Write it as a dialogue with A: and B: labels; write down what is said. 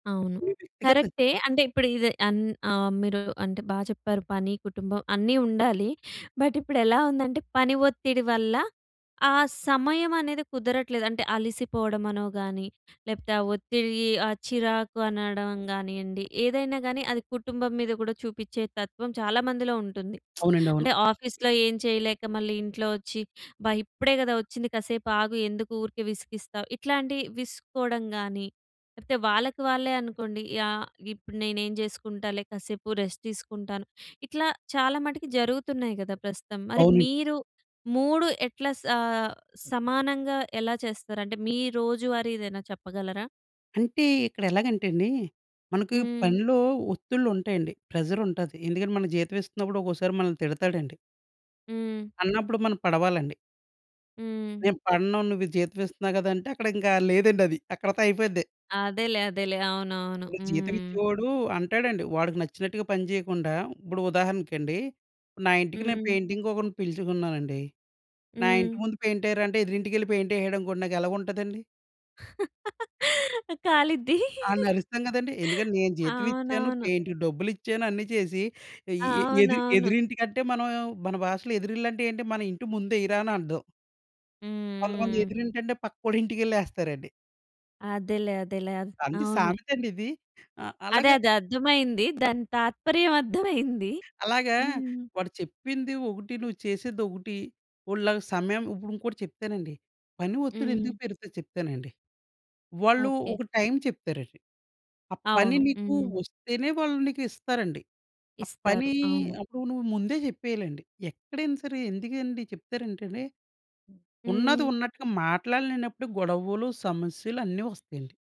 A: అవును.
B: హుహు. వ్యక్తిగతం
A: కరెక్టే. అంటే, ఇప్పుడీదే అన్ ఆహ్, మీరూ అంటే, బా చెప్పారు, పని, కుటుంబం అన్నీ ఉండాలి. బట్, ఇప్పుడెలా ఉందంటే, పని ఒత్తిడి వల్ల, ఆ సమయమనేది కుదరట్లేదు. అంటే, అలిసిపోడం అనో గానీ, లేపోతే ఆ ఒత్తిడీ, ఆ చిరాకు అనడం గానీయండి, ఏదైనా గాని, అది కుటుంబం మీద కూడా చూపిచ్చేతత్వం చాలా మందిలో ఉంటుంది.
B: అవునండవును.
A: అంటే, ఆఫీస్‌లో ఎం చేయలేక, మళ్ళీ ఇంట్లో వచ్చి, అబ్బా! ఇప్పుడే గదా వచ్చింది, కాసేపాగు, ఎందుకు ఊరికే విసిగిస్తావు, ఇట్లాంటియి, విసుక్కోడం గానీ, లేకపోతే వాళ్ళకి వాళ్ళే అనుకోండి, యాహ్, ఇప్పుడు నేనేం జేసుకుంటాలే కాసేపు రెస్ట్ తీసుకుంటాను. ఇట్లా చాలా మటికి జరుగుతున్నాయి గదా ప్రస్తుతం. మరి
B: అవునండి.
A: మీరు 3 ఎట్లా సా సమానంగా ఎలా చేస్తారంటే, మీ రోజువారీ ఏదైనా చెప్పగలరా?
B: అంటే, ఇక్కడెలాగంటేండీ, మనకి
A: హ్మ్.
B: పనిలో ఒత్తిళ్లుంటాయండి, ప్రెజరుంటాది. ఎందుకంటే, మనకి జీతం ఇస్తన్నప్పుడు ఒకోకసారి మనల్ని తిడతాడండి.
A: హ్మ్.
B: అన్నప్పుడు మనం పడవాలండి.
A: హ్మ్.
B: నేను పడను, నువ్వీ జీతం ఇస్తున్నావు గదంటే, అక్కడింకా లేదండది. అక్కడితో అయిపోయిద్ది.
A: అదేలే, అదేలే. అవునువును.
B: ఇప్పుడు
A: హ్మ్.
B: జీతమిచ్చేవాడూ అంటాడండి. వాడికి నచ్చినట్టుగా పనిచేయకుండా ఇప్పుడు ఉదాహరణకండీ, నా ఇంటికి నేను
A: హ్మ్.
B: పెయింటింగ్‌కొకరిని పిలుచుకున్నానండి, నా ఇంటి
A: హ్మ్.
B: ముందు పెయింటేరా అంటే, ఎదురింటికెళ్ళి పెయింటేహాడనుకోండి, నాకెలగుంటదండి?
A: ఆ! కాలిద్దీ.
B: ఆడ్నరుస్తాం గదండీ. ఎందుకంటే, నేను జీతం ఇచ్చాను,
A: అవునవును.
B: పెయింట్‌కి డబ్బులిచ్చాను. అన్ని చేసి, ఆహ్, ఈ ఎ ఎదిరి
A: అవునవును.
B: ఎదురింటి కంటే, మనము మన భాషలో ఎదురిల్లంటే ఏంటి? మన ఇంటి ముందేయిరా అని అర్థం. కొంతమంది
A: హ్మ్. హ్మ్.
B: ఎదురింటంటే, పక్కోడింటికెళ్ళేస్తారండి.
A: అదేలే, అదేలే. అద్
B: అండి,
A: అవును.
B: సామెతండిది ఆహ్,
A: అదే,
B: అల్లగే...
A: అదర్థమైంది. దాని తాత్పర్యం అర్థమైంది.
B: అలాగా
A: హ్మ్.
B: వాడు చెప్పింది ఒకటి, నువ్వు చేసేదొకటి. వోడి లాగ సమయం ఇప్పుడింకోటి చెప్తానండి, పని
A: హ్మ్.
B: ఒత్తిడెందుకు పెరుగుతది చెప్తానండి. వాళ్ళు
A: ఓకే.
B: ఒక టైం చెప్తారండి, ఆ పని
A: అవును.
B: నీకు
A: హ్మ్.
B: వస్తేనే వాళ్ళు నీకిస్తారండి. ఆ
A: ఇస్తారు.
B: పనీ
A: అవును.
B: అప్పుడు నువ్వు ముందే చెప్పేయాలండి. ఎక్కడైనా సరే, ఎందుకండీ చెప్తారేంటండే, ఉన్నది
A: హ్మ్.
B: ఉన్నట్టుగా మాట్లాడలేనప్పుడే గొడవులు, సమస్యలు అన్నీ వస్తయండి.